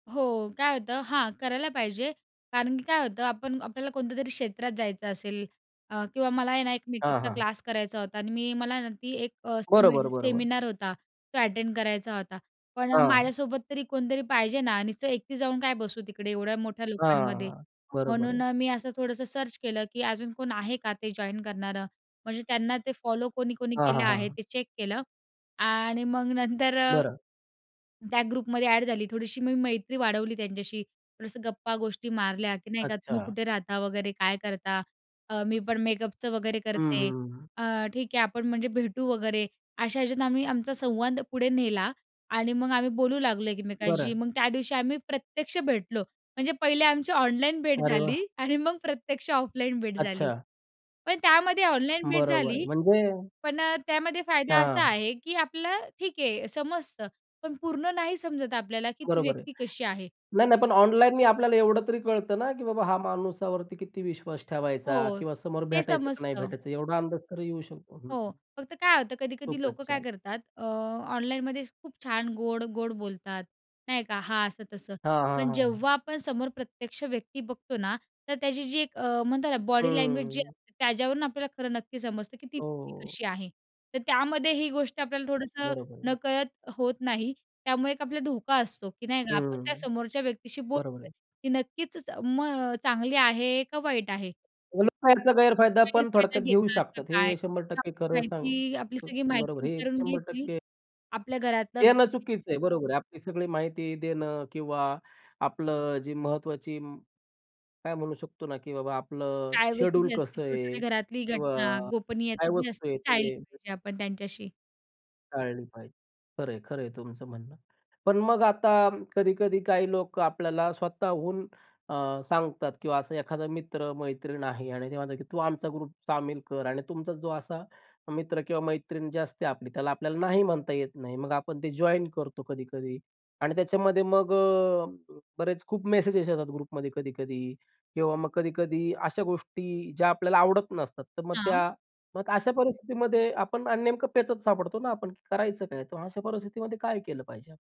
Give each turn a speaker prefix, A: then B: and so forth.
A: हो काय होतं हां करायला पाहिजे. कारण की काय होतं आपण आपल्याला कोणत्यातरी क्षेत्रात जायचं असेल अ, किंवा मला आहे ना, एक
B: हां,
A: मेकअपचा
B: हां.
A: क्लास करायचा होता आणि मी मला ना ती एक अ, सेमि
B: बरोबर, बरोबर.
A: सेमिनार होता, तो अटेंड करायचा होता. पण अ,
B: हां.
A: माझ्यासोबत तरी कोणतरी पाहिजे ना, आणि तर एकटी जाऊन काय बसू तिकडे एवढ्या मोठ्या
B: हां, हां,
A: लोकांमध्ये.
B: हां. बरोबर आहे.
A: म्हणून अ, मी असं थोडंसं सर्च केलं की अजून कोण आहे का ते जॉइन करणारं. म्हणजे त्यांना ते फॉलो कोणी कोणी
B: हां,
A: केलं
B: हां,
A: आहे
B: हां.
A: ते चेक केलं. आणि मग नंतर अ,
B: बरं.
A: त्या ग्रुपमध्ये ॲड झाली, थोडीशी मी मैत्री वाढवली त्यांच्याशी. थोडंसं गप्पा गोष्टी मारल्या की नाही का तुम्ही
B: अच्छा.
A: कुठे राहता, वगैरे काय करता? अ, मी पण मेकअपचं वगैरे
B: हं,
A: करते.
B: हं, हं.
A: अ, ठीक आहे आपण म्हणजे भेटू वगैरे. अशा ह्याच्यात आम्ही आमचा संवाद पुढे नेला आणि मग आम्ही बोलू लागलो एकमेकांशी.
B: बरं.
A: मग त्या दिवशी आम्ही प्रत्यक्ष भेटलो. म्हणजे पहिले आमची ऑनलाईन भेट
B: अरे वाह!
A: झाली आणि मग प्रत्यक्ष ऑफलाईन भेट झाली.
B: अच्छा.
A: पण त्यामध्ये ऑनलाईन भेट
B: बरोबर.
A: झाली
B: म्हणजे
A: पण अ, त्यामध्ये फायदा असा
B: हां.
A: आहे की आपलं ठीक आहे समजतं. पण पूर्ण नाही समजत आपल्याला की ती
B: बरोबर आहे.
A: व्यक्ती कशी आहे.
B: नाही, नाही. पण ऑनलाईननी आपल्याला एवढं तरी कळतं ना, की बाबा हा माणसावरती किती विश्वास
A: हो
B: ठेवायचा किंवा समोर
A: ते
B: भेटायचं की नाही
A: समजतं.
B: भेटायचं? एवढा अंदाज येऊ शकतो हं,
A: हो
B: हं.
A: फक्त काय होतं कधी-कधी
B: खूपच
A: लोकं काय
B: छान.
A: करतात अ, ऑनलाईनमध्येच खूप छान गोड-गोड बोलतात नाही का? हां असं-तसं.
B: हां, हां,
A: पण
B: हां.
A: जेव्हा आपण समोर प्रत्यक्ष व्यक्ती बघतो ना, तर त्याची जी एक अ, म्हणतात ना, बॉडी लँग्वेजजी
B: हं.
A: असते त्याच्यावरून आपल्याला खरं नक्की समजतं, की ती व्यक्ती
B: हो.
A: कशी आहे. तर त्यामध्ये ही गोष्ट आपल्याला थोडंसं
B: बरोबर आहे.
A: नकळत होत नाही. त्यामुळे एक आपल्याला धोका असतो की नाही का आपण त्या
B: हं.
A: समोरच्या व्यक्तीशी
B: बरोबर
A: बोलतो
B: आहे.
A: की नक्कीच मग चांगली आहे का वाईट आहे?
B: ऑनलाईनच्याही गैरफायदा पण
A: गैरफायदा
B: थोडक्यात घेऊ
A: घेतात का
B: शकतात.
A: काय
B: हे शंभर
A: किंवा
B: टक्के खरं सांग
A: माहिती आपली सगळी
B: हं,
A: माहिती
B: बरोबर आहे. हे
A: विचारून
B: शंभर
A: घेतील
B: टक्के
A: आपल्या घरातलं.
B: देणं
A: [unintelligible]
B: चुकीचं आहे. बरोबर आहे. आपली सगळी माहिती देणं किंवा आपलं जी महत्वाची म काय म्हणू शकतो ना, की बाबा आपलं
A: प्रायव्हसी
B: शेड्यूल
A: जी असते
B: कसं आहे
A: छोटे-छोट्या घरातली
B: किंवा
A: घटना. गोपनीयता
B: काय
A: जी
B: वस्तू
A: असते,
B: आहे
A: ती टाळली
B: ते.
A: पाहिजे आपण त्यांच्याशी.
B: टाळली पाहिजे. खरं आहे, खरं आहे तुमचं म्हणणं. पण मग आता कधी-कधी काही लोकं आपल्याला स्वतःहून अ, सांगतात किंवा असा एखादा मित्र, मैत्रीण आहे आणि ते म्हणतात, की तू आमचा ग्रुप सामील कर. आणि तुमचा जो असा मित्र किंवा मैत्रीण जी असते आपली, त्याला आपल्याला नाही म्हणता येत नाही. मग आपण ते जॉइन करतो कधी-कधी. आणि त्याच्यामध्ये मग अ, बरेच खूप मेसेज येतात, ग्रुपमध्ये कधी-कधी किंवा मग कधी-कधी अशा गोष्टी ज्या आपल्याला आवडत नसतात. तर मग
A: हां.
B: त्या मग अशा परिस्थितीमध्ये आपण अ, नेमकं पेचात सापडतो ना आपण, की करायचं काय? तर मग अशा परिस्थितीमध्ये काय केलं पाहिजे?